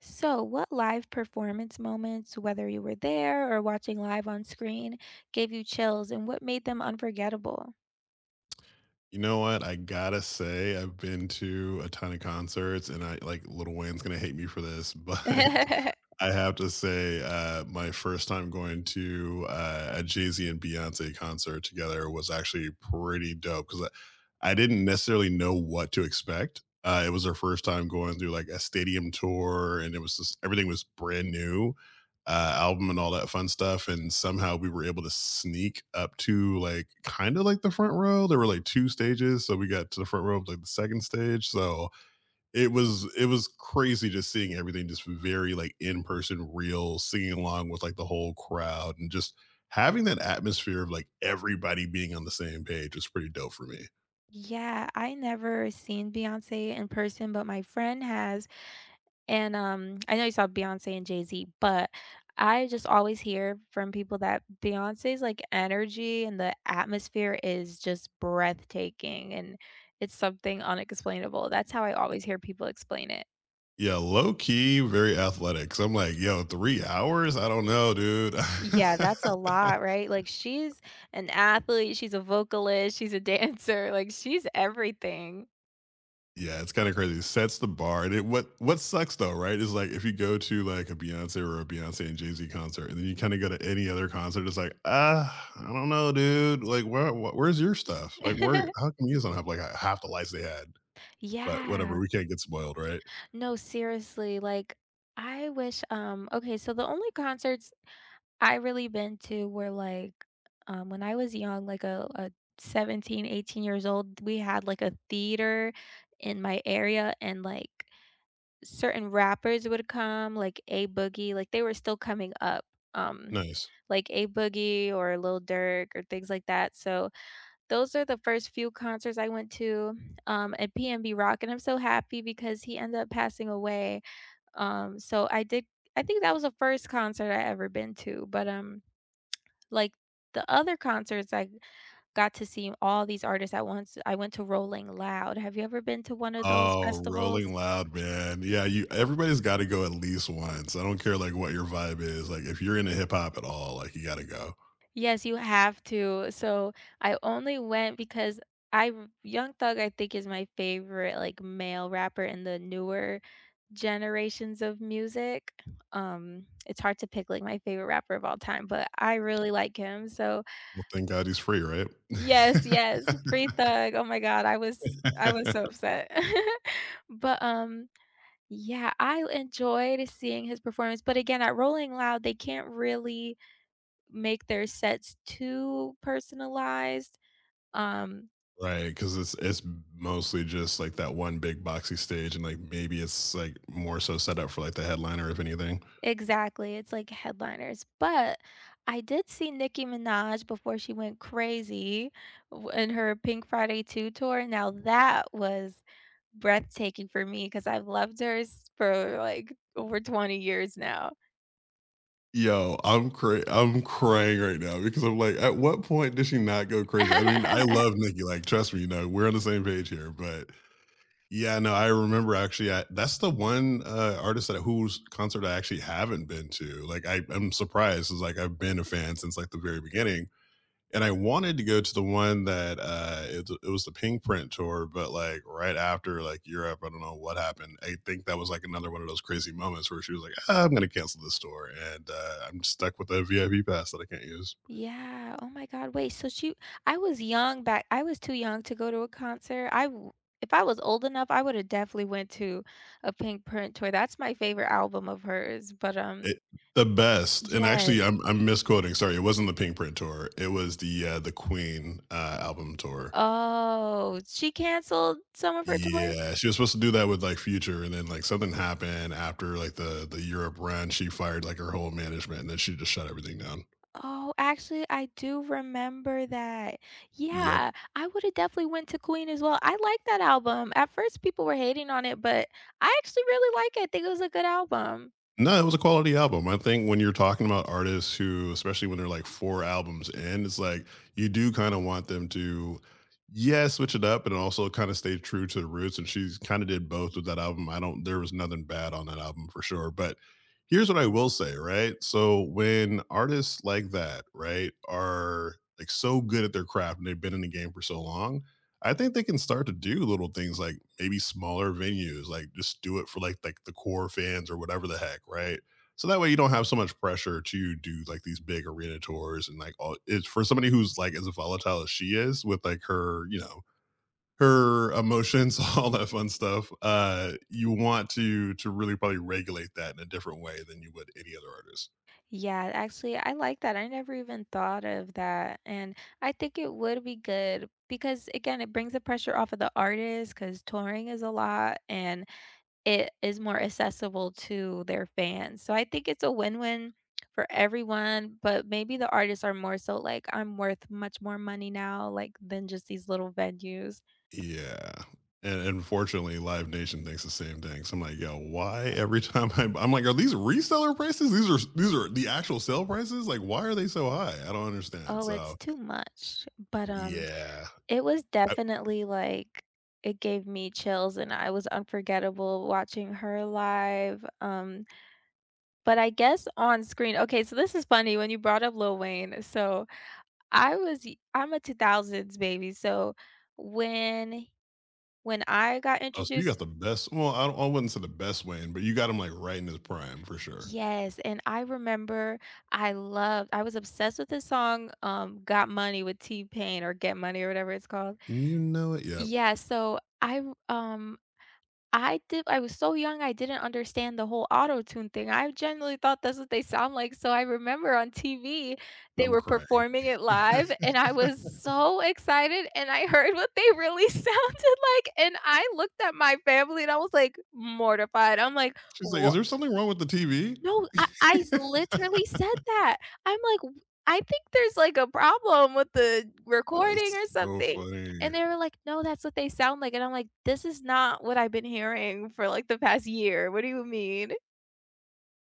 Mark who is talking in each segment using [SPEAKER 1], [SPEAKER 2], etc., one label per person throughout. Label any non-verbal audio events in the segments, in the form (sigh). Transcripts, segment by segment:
[SPEAKER 1] So, what live performance moments, whether you were there or watching live on screen, gave you chills, and what made them unforgettable?
[SPEAKER 2] You know what, I gotta say, I've been to a ton of concerts, and I like, Little Wayne's gonna hate me for this, but
[SPEAKER 1] (chuckles)
[SPEAKER 2] I have to say, uh, my first time going to, uh, a Jay-Z and Beyoncé concert together was actually pretty dope 'cause I I didn't necessarily know what to expect, uh, it was their first time going through, like, a stadium tour, and it was just everything was brand new, uh, album and all that fun stuff, and somehow we were able to sneak up to, like, kinda like the front row, there were, like, 2 stages, so, we got to the front row of, like, the 2nd stage so, it was it was crazy just seeing everything just v very, like, in-person, real, singing along with, like, the whole crowd, and just having that atmosphere of, like, everybody being on the same page was pretty dope for me.
[SPEAKER 1] Yeah, I never seen Beyoncé in person, but my friend has. And, um, I know you saw Beyoncé and Jay-Z, but I just always hear from people that Beyoncé's, like, energy and the atmosphere is just breathtaking, and it's something unexplainable that's how I always hear people explain it.
[SPEAKER 2] Yeah, low-key very athletic 'cause I'm like: "Yo, 3 hours? I don't know, dude".
[SPEAKER 1] Yeah, that's a lot, right? Like,
[SPEAKER 2] (laughs)
[SPEAKER 1] she's an athlete, she's a vocalist, she's a dancer. Like, she's everything.
[SPEAKER 2] Yeah, it's kinda crazy, it sets the bar, and it what, what sucks though, right, is, like, if you go to, like, a Beyoncé or a Beyoncé and Jay-Z concert, and then you kinda go to any other concert, it's like, "Uh, I don't know, dude", like, "Where w where's your stuff?" like, "Where
[SPEAKER 1] (giggles)
[SPEAKER 2] How come you guys don't have, like, 1/2 the lights they had?" But whatever,
[SPEAKER 1] Yeah.
[SPEAKER 2] we can't get spoiled, right?
[SPEAKER 1] No, seriously, like I wish, um okay, so the only concerts I really been to were, like, um when I was young, like, a a 17, 18 years old, we had, like, a theater in my area, and, like, certain rappers would come, like A-Boogie, like, they were still coming up, um,
[SPEAKER 2] Nice.
[SPEAKER 1] like A-Boogie or Lil Durk or things like that, so those are the first few concerts I went to, um, and PnB Rock, and I'm so happy because he ended up passing away. Um, so I did I think that was the first concert I ever been to, but, um like, the other concerts, I got to see all these artists at once. I went to Rolling Loud. Have you ever been to one of those
[SPEAKER 2] Oh,
[SPEAKER 1] festivals?
[SPEAKER 2] Rolling Loud, man, yeah, you everybody's gotta go at least once, I don't care, like, what your vibe is, like, if you're into hip hop at all, like, you gotta go.
[SPEAKER 1] Yes, you have to. So I only went because I've Young Thug, I think, is my favorite, like, male rapper in the newer generations of music. Um, it's hard to pick, like, my favorite rapper of all time, but I really like him, so
[SPEAKER 2] Well, thank God he's free, right?
[SPEAKER 1] Yes, yes, Free Thug, oh my God, I was I was so
[SPEAKER 2] (laughs)
[SPEAKER 1] upset. (giggles) But, um yeah, I enjoyed seeing his performance, but again, at Rolling Loud, they can't really make their sets too personalized, um
[SPEAKER 2] Right, 'cause it's it's m mostly just, like, that one big boxy stage, and, like, maybe it's, like, more so set up for, like, the headliner if anything.
[SPEAKER 1] Exactly, it's like headliners, but I did see Nicki Minaj before she went crazy w in her Pink Friday 2 Tour, now, that was breathtaking for me 'cause I've loved her s for, like, over 20 years now.
[SPEAKER 2] Yo, I'm cra I'm crying right now because I'm, like, "At what point does she not go crazy?" I mean, I
[SPEAKER 1] (laughs)
[SPEAKER 2] love Nicki, like, trust me, you know, we're on the same page here, but yeah, no, I remember actually, I that's the one, uh, artist that whose concert I actually haven't been to, like, I I'm surprised, 'cause, like, I've been a fan since, like, the very beginning, and I wanted to go to the one that, uh, it it was the Pinkprint Tour, but, like, right after, like, Europe, I don't know what happened I think that was, like, another one of those crazy moments where she was like, "Ah, I'm gonna cancel this tour," and, uh, I'm stuck with a VIP pass that I can't use.
[SPEAKER 1] Yeah, oh my god, wait, so she I was young back I was too young to go to a concert, I w if I was old enough, I would've definitely went to a Pinkprint Tour that's my favorite album of hers, but, um
[SPEAKER 2] It The best, and
[SPEAKER 1] Yes.
[SPEAKER 2] actually I'm I'm misquoting sorry, it wasn't the Pinkprint Tour it was the, uh the Queen, uh, album tour.
[SPEAKER 1] Oh, she canceled some of her tours?
[SPEAKER 2] Yeah she was supposed to do that with, like, Future, and then, like, something happened after, like, the the Europe run, she fired, like, her whole management, and then she just shut everything down.
[SPEAKER 1] Oh, actually, I do remember that.
[SPEAKER 2] Yep.
[SPEAKER 1] Yeah, I would've definitely went to Queen as well I like that album, at first, people were hating on it, but I actually really like it, think it was a good album.
[SPEAKER 2] No, it was a quality album. I think when you're talking about artists who, especially when they're, like, 4 albums in, it's like you do kinda want them to, yeah, switch it up, but also kinda stay true to their roots, and she's kinda did both with that album. I don't there was nothing bad on that album for sure, but here's what I will say, right? So, when artists like that, right? Are, like, so good at their craft and they've been in the game for so long, I think they can start to do little things, like, maybe smaller venues, like, just do it for, like, like, the core fans or whatever the heck, right? So that way you don't have so much pressure to do, like, these big arena tours and, like, all it's for somebody who's, like, as volatile as she is with, like, her, you know, her emotions, all that fun stuff, uh, you want to to really probably regulate that in a different way than you would any other artist.
[SPEAKER 1] Yeah. Actually, I like that, I never even thought of that. And I think it would be good because, again, it brings the pressure off of the artist 'cause touring is a lot, and it is more accessible to their fans. So I think it's a win-win for everyone. But maybe the artists are more so like, "I'm worth much more money now, like, than just these little venues."
[SPEAKER 2] Yeah. And unfortunately, Live Nation thinks the same thing, so I'm like, "Yo, why every time I" I'm like, "Are these reseller prices? These are s these are the actual sale prices? Like, why are they so high?" I don't understand.
[SPEAKER 1] Oh, it's
[SPEAKER 2] So
[SPEAKER 1] too much. But, um,
[SPEAKER 2] Yeah.
[SPEAKER 1] it was
[SPEAKER 2] Uh
[SPEAKER 1] definitely, like it gave me chills and I was unforgettable watching her live. Um, but I guess on screen okay, so this is funny when you brought up Lil Wayne. So I was y I'm a 2000s baby, so when, when I got
[SPEAKER 2] Oh, so you got
[SPEAKER 1] introduced
[SPEAKER 2] the best well, I don't I wouldn't say the best Wayne, but you got him, like, right in his prime for sure.
[SPEAKER 1] Yes, and I remember I loved I was obsessed with the song, um, Got Money with T-Pain or Get Money or whatever it's called.
[SPEAKER 2] And you know it. Yep.
[SPEAKER 1] Yeah, so I'm, um, I di I was so young I didn't understand the whole Auto-Tune thing, I genuinely thought that's what they sound like. So I remember on TV they
[SPEAKER 2] I'm
[SPEAKER 1] were
[SPEAKER 2] crying.
[SPEAKER 1] performing it live and I was so
[SPEAKER 2] (laughs)
[SPEAKER 1] excited and I heard what they really sounded like and I looked at my family and I was like mortified. I'm like,
[SPEAKER 2] She's like, "Is
[SPEAKER 1] "Wha"
[SPEAKER 2] there something wrong with the TV?"
[SPEAKER 1] No, I I s
[SPEAKER 2] (laughs)
[SPEAKER 1] literally said that. I'm like, "I think there's like a problem with the recording or
[SPEAKER 2] That's so
[SPEAKER 1] something."
[SPEAKER 2] funny.
[SPEAKER 1] And they were like, "No, that's what they sound like." And I'm like, "This is not what I've been hearing for like the past year, what do you mean?"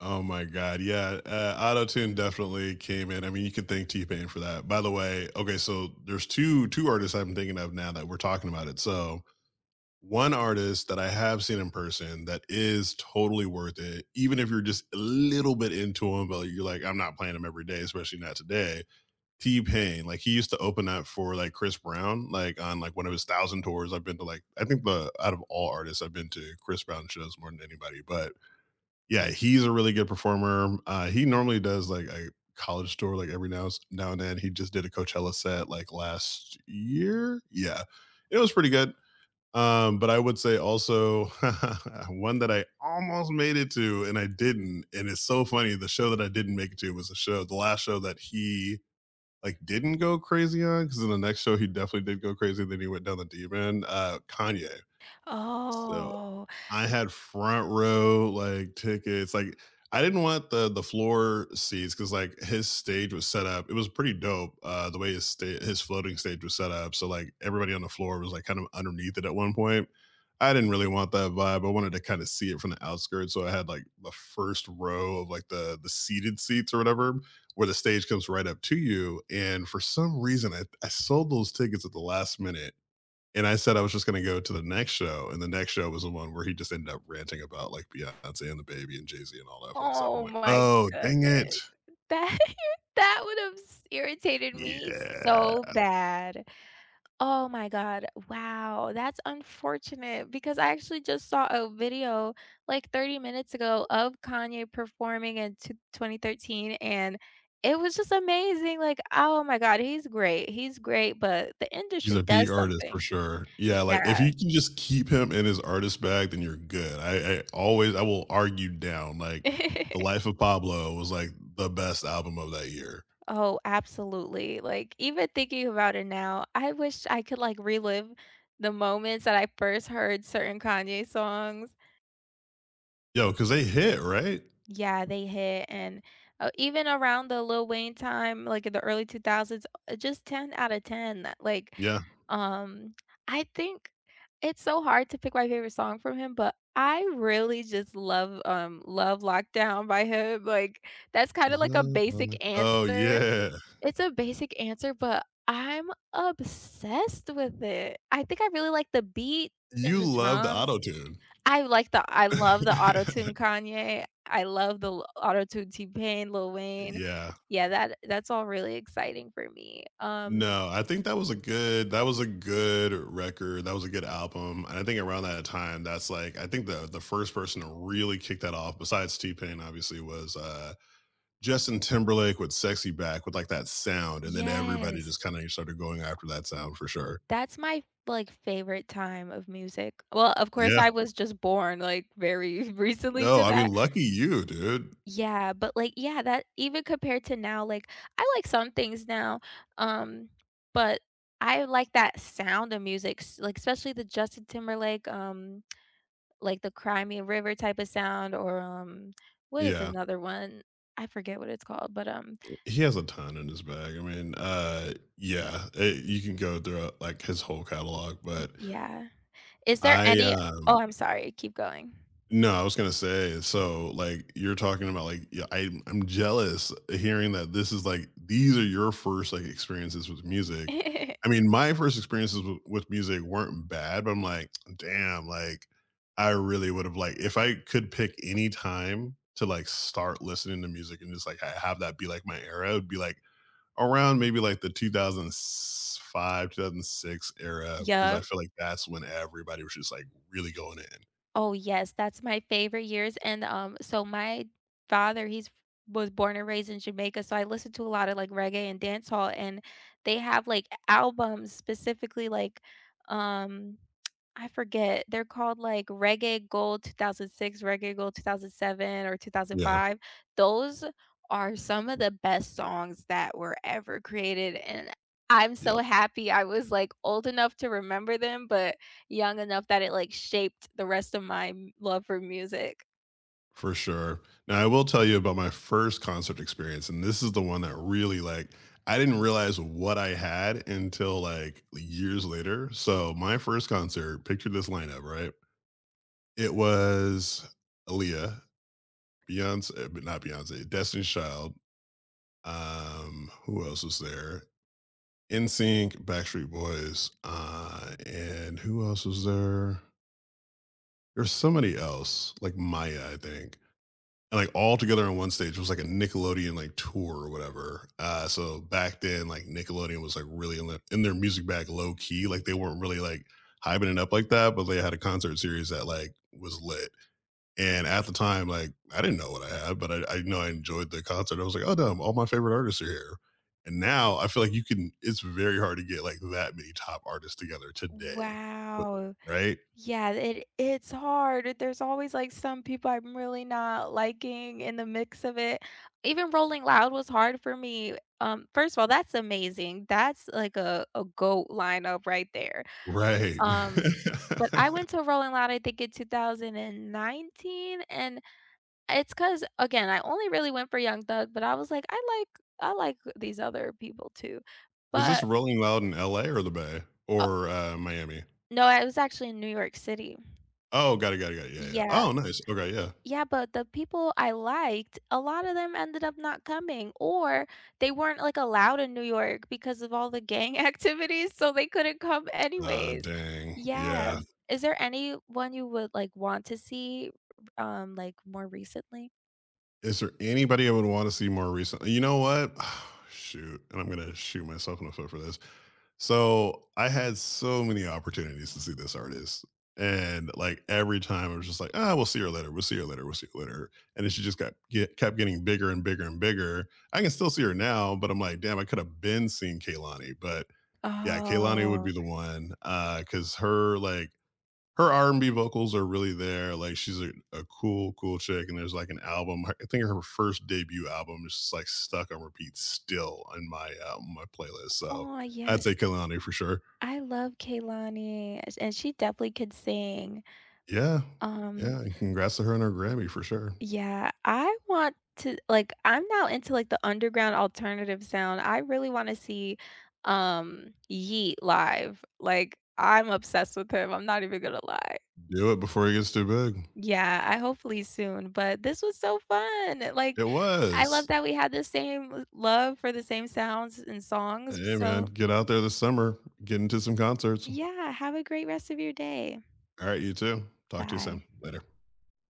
[SPEAKER 2] Oh my God, yeah. Uh, Auto-Tune definitely came in, I mean, you can thank T-Pain for that. By the way, okay, so there's 2, 2 artists I've been thinking of now that we're talking about it. So, one artist that I have seen in person that is totally worth it, even if you're just a little bit into him, but you're like, "I'm not playing him every day, especially not today," T-Pain. Like, he used to open up for, like, Chris Brown, like, on, like, one of his 1,000 tours I've been to, like I think the out of all artists, I've been to Chris Brown shows more than anybody, but yeah, he's a really good performer, uh, he normally does, like, a college tour like every nows now and then, he just did a Coachella set, like, last year? Yeah, it was pretty good. Um, but I would say also (chuckles) one that I almost made it to and I didn't, and it's so funny, the show that I didn't make it to was a show the last show that he, like, didn't go crazy on, 'cause in the next show he definitely did go crazy, then he went down the deep end, uh, Kanye. So
[SPEAKER 1] Oh.
[SPEAKER 2] I had front row, like, tickets, like, I didn't want the the floor seats, 'cause, like, his stage was set up it was pretty dope, uh, the way his sta his floating stage was set up, so, like, everybody on the floor was, like, kind of underneath it at one point. I didn't really want that vibe, I wanted to kinda see it from the outskirts, so I had, like, the first row of, like, the the seated seats or whatever, where the stage comes right up to you, and for some reason, I I sold those tickets at the last minute, and I said I was just gonna go to the next show, and the next show was the one where he just ended up ranting about, like, Beyoncé and DaBaby and Jay-Z and all that fun stuff. I'm
[SPEAKER 1] Oh
[SPEAKER 2] like,
[SPEAKER 1] my
[SPEAKER 2] "Oh, dang it."
[SPEAKER 1] goodness. That (chuckles) that would've s irritated me so
[SPEAKER 2] Yeah.
[SPEAKER 1] bad. Oh my God. Wow. That's unfortunate because I actually just saw a video like 30 minutes ago of Kanye performing in t 2013 and it was just amazing. Like, oh my God, he's great. He's great, but the
[SPEAKER 2] He's
[SPEAKER 1] industry
[SPEAKER 2] a peak
[SPEAKER 1] does
[SPEAKER 2] artist for
[SPEAKER 1] something.
[SPEAKER 2] sure. Yeah, like, if
[SPEAKER 1] Yeah.
[SPEAKER 2] you can just keep him in his artist bag, then you're good. I I always I will argue down, like, The
[SPEAKER 1] (laughs)
[SPEAKER 2] Life of Pablo was, like, the best album of that year.
[SPEAKER 1] Oh, absolutely, like, even thinking about it now, I wish I could, like, relive the moments that I first heard certain Kanye songs.
[SPEAKER 2] Yo, 'cause they hit, right?
[SPEAKER 1] Yeah, they hit and, uh, uh, even around the Lil Wayne time, like in the early 2000s, uh, just 10 outta 10. Like,
[SPEAKER 2] Yeah.
[SPEAKER 1] um, I think it's so hard to pick my favorite song from him, but I really just love, um, Love Lockdown by him, like that's kind of like a basic
[SPEAKER 2] (unintelligible) Oh,
[SPEAKER 1] answer.
[SPEAKER 2] yeah.
[SPEAKER 1] It's a basic answer, but I'm obsessed with it. I think I really like the beat and
[SPEAKER 2] You
[SPEAKER 1] the
[SPEAKER 2] love the
[SPEAKER 1] drums.
[SPEAKER 2] Auto-Tune.
[SPEAKER 1] I like the I love the Auto-Tune
[SPEAKER 2] (laughs)
[SPEAKER 1] Kanye. I love the l Auto-Tune T-Pain, Lil Wayne.
[SPEAKER 2] Yeah.
[SPEAKER 1] Yeah, that that's all really exciting for me. Um
[SPEAKER 2] No, I think that was a good that was a good record that was a good album, and I think around that time, that's like I think the the first person to really kick that off, besides T-Pain obviously, was, uh, Justin Timberlake with SexyBack, with, like, that sound, and then everybody
[SPEAKER 1] Yes.
[SPEAKER 2] just kinda started going after that sound for sure.
[SPEAKER 1] That's my, like, favorite time of music. Well, of course
[SPEAKER 2] Yeah.
[SPEAKER 1] I was just born, like, very recently
[SPEAKER 2] No,
[SPEAKER 1] to
[SPEAKER 2] I mean,
[SPEAKER 1] that.
[SPEAKER 2] lucky you, dude.
[SPEAKER 1] Yeah, but, like yeah that even compared to now, like, I like some things now, um, but I like that sound of music s like especially the Justin Timberlake, um, like the Cry Me a River type of sound or, um, what is
[SPEAKER 2] Yeah.
[SPEAKER 1] another one? I forget what it's called, but, um
[SPEAKER 2] He has a ton in his bag I mean, uh, yeah. It You can go throughout, like, his whole catalog, but
[SPEAKER 1] Yeah. Is there
[SPEAKER 2] I,
[SPEAKER 1] any
[SPEAKER 2] um
[SPEAKER 1] Oh, I'm sorry keep going.
[SPEAKER 2] No, I was gonna say, so, like, you're talking about, like, y I I'm jealous hearing that this is, like these are your first, like, experiences with music.
[SPEAKER 1] (giggles)
[SPEAKER 2] I mean, my first experiences w with music weren't bad, but I'm like, (tsk) "Damn, like, I really would've, like" If I could pick any time to, like, start listening to music and just, like, ha have that be, like, my era, it be, like, around maybe, like, the 2000 s 5 2006 era, 'cause I
[SPEAKER 1] Yep.
[SPEAKER 2] feel like that's when everybody was just, like, really going in.
[SPEAKER 1] Oh, yes, that's my favorite years and, um, so my father, he's f was born and raised in Jamaica, so I listened to a lot of like reggae and dancehall, and they have like a albums specifically like, um, (tsk) I forget, they're called like Reggae Gold 2006, Reggae Gold two thousand seven or two thousand
[SPEAKER 2] Yeah.
[SPEAKER 1] five. Those are some of the best songs that were ever created, and I'm so
[SPEAKER 2] Yep.
[SPEAKER 1] happy I was, like, old enough to remember them, but young enough that it, like, shaped the rest of my m love for music.
[SPEAKER 2] For sure. Now, I will tell you about my first concert experience, and this is the one that really, like I didn't realize what I had until, like, le years later. So, my first concert, picture this lineup, right? It was Aaliyah, Beyoncé but not Beyoncé, Destiny's Child. Um, who else was there? NSYNC, Backstreet Boys, uh, and who else was there? There's somebody else, like Mya, I think. And, like, all together on one stage, it was like a Nickelodeon, like, tour or whatever. Uh, so back then, like Nickelodeon was like really l in in their music bag low-key, like, they weren't really, like, hyping it up like that, but they had a concert series that, like, was lit. And at the time, like, I didn't know what I had, but I I know I enjoyed the concert, I was like, "Oh damn, all my favorite artists are here." And now I feel like you couldn't it's very hard to get like that many top artists together today, but
[SPEAKER 1] Wow.
[SPEAKER 2] Right?
[SPEAKER 1] Yeah, th it it's hard, it there's always, like, some people I'm really not liking in the mix of it. Even Rolling Loud was hard for me, w um, first of all, that's amazing, that's, like, a a GOAT lineup right there.
[SPEAKER 2] Right.
[SPEAKER 1] Um, but I
[SPEAKER 2] (laughs)
[SPEAKER 1] went to a Rolling Loud, I think, in 2019, and it's 'cause again, I only really went for Young Thug, but I was like, "I like I like these other people too."
[SPEAKER 2] Was this
[SPEAKER 1] But
[SPEAKER 2] Rolling Loud in LA, or the Bay?
[SPEAKER 1] O
[SPEAKER 2] Or, uh, Miami?
[SPEAKER 1] No, I was actually in New York City.
[SPEAKER 2] Oh, got it, got it, yeah, yeah.
[SPEAKER 1] Yeah.
[SPEAKER 2] Oh nice, okay, yeah.
[SPEAKER 1] Yeah, but the people I liked, a lotta them ended up not coming, or they weren't, like, allowed in New York because of all the gang activity, so they couldn't come
[SPEAKER 2] (tsk) Ah
[SPEAKER 1] anyways.
[SPEAKER 2] dang. Yeah.
[SPEAKER 1] Yeah. Is there anyone you would, like, want to see r um, like, more recently?
[SPEAKER 2] Is there anybody I would want to see more recentl you know what? (exhales) Oh, shoot, and I'm gonna shoot myself in the foot for this. So, I had so many opportunities to see this artist. And, like, every time it was just like, "Ah, we'll see her later, we'll see her later, we'll see her later." And then she just got get kept getting bigger and bigger and bigger. I can still see her now, but I'm like, "Damn, I could've been seeing Kehlani," but, yeah, Kehlani would be
[SPEAKER 1] Oh.
[SPEAKER 2] the one, uh, 'cause her, like her R&B vocals are really there, like, she's a a cool, cool chick, and there's, like, an album her I think her first debut album is just, like, stuck on repeat still on my, um on my playlist, so,
[SPEAKER 1] Oh,
[SPEAKER 2] I'd say
[SPEAKER 1] yes
[SPEAKER 2] Kehlani, for sure.
[SPEAKER 1] I love Kehlani, a and she definitely could sing.
[SPEAKER 2] Yeah.
[SPEAKER 1] Um
[SPEAKER 2] Yeah, and congrats to her on her Grammy, for sure.
[SPEAKER 1] Yeah, I want to like, I'm now into, like, the underground alternative sound, I really wanna see, um, Yeat live. Like, I'm obsessed with him, I'm not even gonna lie.
[SPEAKER 2] Do it before he gets too big.
[SPEAKER 1] Yeah, I hopefully soon, but this was so fun!
[SPEAKER 2] It
[SPEAKER 1] Like, I
[SPEAKER 2] was.
[SPEAKER 1] love that we have the same love for the same sounds and
[SPEAKER 2] H
[SPEAKER 1] songs,
[SPEAKER 2] hey, man,
[SPEAKER 1] so
[SPEAKER 2] get out there this summer. Get into some concerts.
[SPEAKER 1] Yeah, have a great rest of your day.
[SPEAKER 2] All right, you too. Talk to you soon.
[SPEAKER 1] Bye.
[SPEAKER 2] Later.